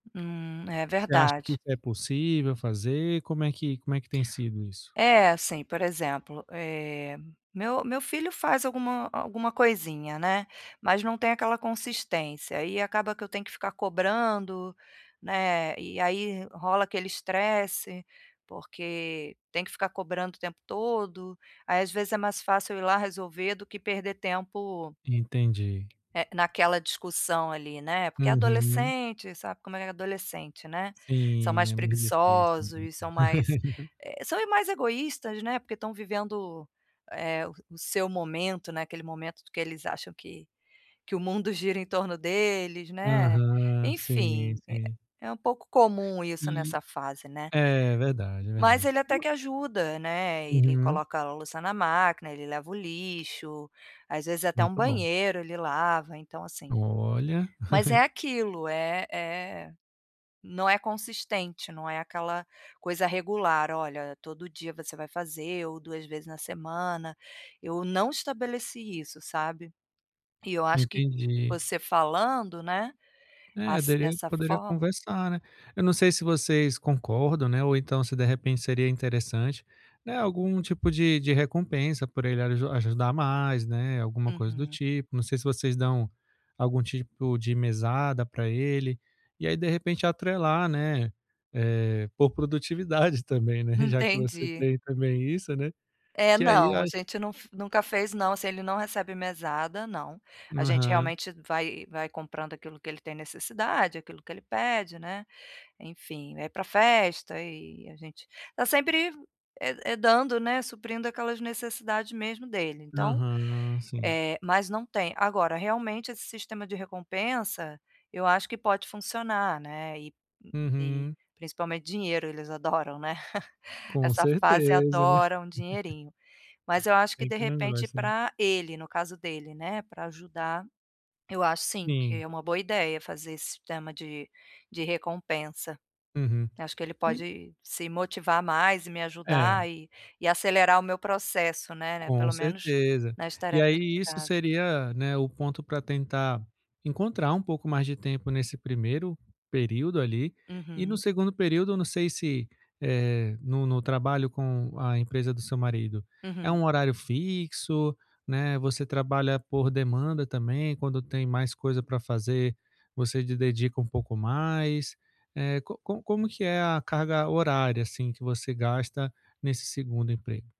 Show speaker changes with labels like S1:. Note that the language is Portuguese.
S1: Hum, é
S2: Você acha que
S1: verdade.
S2: isso é possível fazer? Como é que como é que tem sido isso?
S1: É assim, por exemplo: eh, meu meu filho faz alguma alguma coisinha, né, mas não tem aquela consistência. Aí acaba que eu tenho que ficar cobrando, né, e aí rola aquele estresse, porque tem que ficar cobrando o tempo todo. Aí, às vezes, é mais fácil eu ir lá resolver do que perder tempo,
S2: Entendi.
S1: eh, naquela discussão ali, né, porque
S2: Uhum.
S1: adolescente, sabe como é adolescente, né. São
S2: Sim,
S1: mais
S2: é muito dificil.
S1: preguiçosos, são mais, eh, são mais egoístas, né, porque estão vivendo o eh, o seu momento, né, aquele momento do que eles acham que que o mundo gira em torno deles, né.
S2: Aham. Sim,
S1: Enfim, eh,
S2: sim.
S1: é um pouco comum isso
S2: E
S1: nessa fase, né.
S2: É verdade, é
S1: Mas
S2: verdade.
S1: ele até que ajuda, né, ele
S2: Uhum.
S1: coloca a louça na máquina, ele leva o lixo, às vezes até um
S2: Muito bom.
S1: banheiro ele lava, então, assim.
S2: Olha!
S1: Mas é aquilo: eh eh, não é consistente, não é aquela coisa regular. Olha, todo dia você vai fazer, ou 2 vezes na semana. Eu não estabeleci isso, sabe? E eu acho que
S2: Entendi.
S1: você falando, né,
S2: É
S1: assi
S2: dele
S1: dessa
S2: poderia
S1: forma
S2: conversar, né? Eu não sei se vocês concordam, né, ou então se, de repente, seria interessante, né, algum tipo de de recompensa por ele aju ajudar mais, né, alguma coisa do
S1: Uhum.
S2: tipo. Não sei se vocês dão algum tipo de mesada pra ele e aí, de repente, atrelar, né, eh, por produtividade também, né? Já que você
S1: Entendi.
S2: tem também isso, né?
S1: É,
S2: Que aí eu
S1: não, a
S2: acho
S1: gente não fe nunca fez, não. Se ele não recebe mesada? Não, a gente
S2: Aham.
S1: realmente vai vai comprando aquilo que ele tem necessidade, aquilo que ele pede, né, enfim. Vai pra festa e a gente tá sempre, eh eh, dando, né, suprindo aquelas necessidade mesmo dele. Então,
S2: Aham, sim.
S1: eh, mas não tem. Agora, realmente, esse sistema de recompensa, eu acho que pode funcionar, né, e hum, e
S2: Uhum.
S1: principalmente dinheiro, eles adoram, né.
S2: Com
S1: Essa fase
S2: certeza.
S1: adora um dinheirinho. Mas eu acho que,
S2: Quem
S1: de
S2: que não
S1: repente,
S2: gosta né?
S1: pra ele, no caso dele, né, pra ajudar, eu acho, sim, que
S2: Sim.
S1: é uma boa ideia fazer esse sistema de de recompensa.
S2: Uhum.
S1: Acho que ele
S2: E
S1: pode se motivar mais e me
S2: É.
S1: ajudar, eh, e acelerar o meu processo, né né,
S2: Com
S1: pelo menos
S2: certeza.
S1: nas
S2: E
S1: tarefas
S2: aí
S1: de
S2: isso
S1: casa.
S2: seria, né, o ponto pra tentar encontrar um pouco mais de tempo nesse primeiro período, ali. E no
S1: Uhum.
S2: segundo período. Não sei se, eh, no no trabalho com a empresa do seu marido, é
S1: Uhum.
S2: um horário fixo, né, você trabalha por demanda também? Quando tem mais coisa pra fazer, você de dedica um pouco mais? Eh, co co como que é a carga horária, assim, que você gasta nesse segundo emprego?